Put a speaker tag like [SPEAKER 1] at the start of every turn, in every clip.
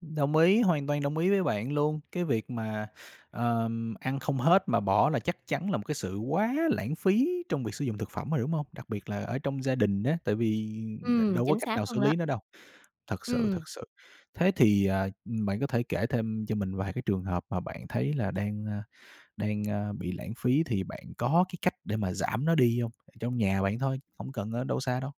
[SPEAKER 1] Đồng ý, hoàn toàn đồng ý với bạn luôn, cái việc mà, ờ, ăn không hết mà bỏ là chắc chắn là một cái sự quá lãng phí trong việc sử dụng thực phẩm rồi, đúng hông? Đặc biệt là ở trong gia đình á, tại vì đ
[SPEAKER 2] Ừm,
[SPEAKER 1] đâu có
[SPEAKER 2] chính
[SPEAKER 1] cách
[SPEAKER 2] xác
[SPEAKER 1] nào xử
[SPEAKER 2] luôn đó.
[SPEAKER 1] lý nó đâu. Thật sự
[SPEAKER 2] Ừm.
[SPEAKER 1] thật sự, thế thì, à, bạn có thể kể thêm cho mình vài cái trường hợp mà bạn thấy là đang, ơ, đang, ơ, bị lãng phí, thì bạn có cái cách để mà giảm nó đi hông? Trong nhà bạn thôi, hông cần ở đâu xa đâu.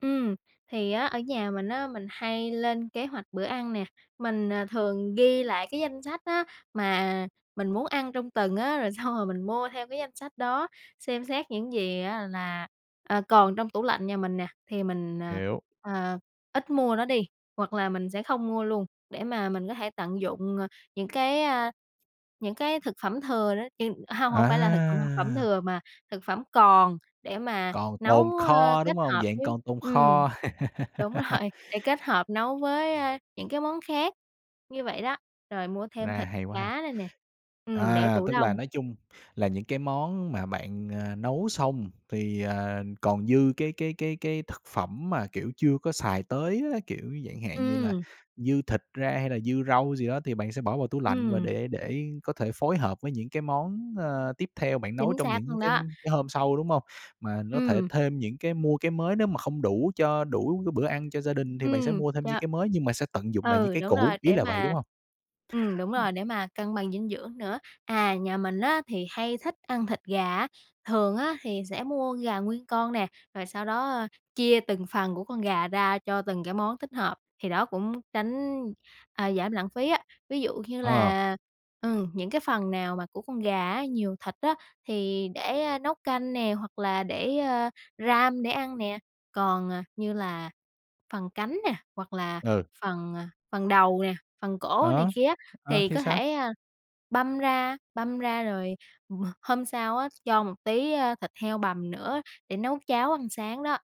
[SPEAKER 2] Ừm, thì á, ở nhà mình á, mình hay lên kế hoạch bữa ăn nè. Mình, à, thường ghi lại cái danh sách á, mà mình muốn ăn trong tuần á, rồi xong rồi mình mua theo cái danh sách đó, xem xét những gì á là, à, còn trong tủ lạnh nhà mình nè, thì mình, à,
[SPEAKER 1] Hiểu.
[SPEAKER 2] ờ, ít mua nó đi. Hoặc là mình sẽ không mua luôn để mà mình có thể tận dụng, à, những cái, a những cái thực phẩm thừa nữa [unintelligible] hông, hông phải là thực, ơ, phẩm
[SPEAKER 1] À!
[SPEAKER 2] thừa, mà thực phẩm còn để mà
[SPEAKER 1] Còn tồn
[SPEAKER 2] nấu, ơ,
[SPEAKER 1] kho,
[SPEAKER 2] kết
[SPEAKER 1] đúng hông?
[SPEAKER 2] hợp
[SPEAKER 1] Dạng
[SPEAKER 2] với
[SPEAKER 1] còn tồn
[SPEAKER 2] ừm,
[SPEAKER 1] kho.
[SPEAKER 2] đúng rồi, để kết hợp nấu với, a, những cái món khác như vậy đó. Rồi mua thêm
[SPEAKER 1] A,
[SPEAKER 2] thịt
[SPEAKER 1] hay quá ha.
[SPEAKER 2] cá rồi nè, ừm, để
[SPEAKER 1] À,
[SPEAKER 2] tủ
[SPEAKER 1] tức là
[SPEAKER 2] đông.
[SPEAKER 1] nói chung là những cái món mà bạn, à, nấu xong, thì, ờ, còn dư cái cái cái cái thực phẩm mà, kiểu, chưa có xài tới á. Kiểu, chẳng hạn như là
[SPEAKER 2] Ừm.
[SPEAKER 1] dư thịt ra hay là dư rau gì đó, thì bạn sẽ bỏ vào tủ lạnh, và
[SPEAKER 2] Ừm.
[SPEAKER 1] để để có thể phối hợp với những cái món, ơ, tiếp theo bạn nấu
[SPEAKER 2] Chính
[SPEAKER 1] trong
[SPEAKER 2] xác
[SPEAKER 1] những
[SPEAKER 2] luôn
[SPEAKER 1] cái
[SPEAKER 2] đó.
[SPEAKER 1] cái hôm sau, đúng hông? Mà nó thể
[SPEAKER 2] Ừm.
[SPEAKER 1] thêm những cái mua cái mới nếu mà không đủ cho đủ cái bữa ăn cho gia đình, thì bạn sẽ
[SPEAKER 2] Ừm,
[SPEAKER 1] mua thêm những
[SPEAKER 2] cho
[SPEAKER 1] cái mới, nhưng mà sẽ tận dụng lại những
[SPEAKER 2] ừ,
[SPEAKER 1] cái
[SPEAKER 2] đúng
[SPEAKER 1] cũ,
[SPEAKER 2] rồi,
[SPEAKER 1] ý
[SPEAKER 2] để
[SPEAKER 1] là vậy, đúng
[SPEAKER 2] mà
[SPEAKER 1] hông?
[SPEAKER 2] ừm, đúng
[SPEAKER 1] Ừm.
[SPEAKER 2] rồi, để mà cân bằng dinh dưỡng nữa. À, nhà mình á, thì hay thích ăn thịt gà á. Thường á, thì sẽ mua gà nguyên con nè, rồi sau đó, ơ, chia từng phần của con gà ra cho từng cái món thích hợp. Thì đó cũng tránh, à, giảm lãng phí á. Ví dụ như
[SPEAKER 1] Ờ.
[SPEAKER 2] là, ừm, những cái phần nào mà của con gà á, nhiều thịt á, thì để nấu canh nè, hoặc là để, ờ, ram để ăn nè. Còn, à, như là phần cánh nè, hoặc là
[SPEAKER 1] Ừ.
[SPEAKER 2] phần, à, phần đầu nè, phần cổ này
[SPEAKER 1] Ờ,
[SPEAKER 2] kia á,
[SPEAKER 1] ờ,
[SPEAKER 2] thì
[SPEAKER 1] thì
[SPEAKER 2] có
[SPEAKER 1] sao?
[SPEAKER 2] thể, a, băm ra, băm ra, rồi h hôm sau á, cho một tí, a, thịt heo bằm nữa để nấu cháo ăn sáng đó.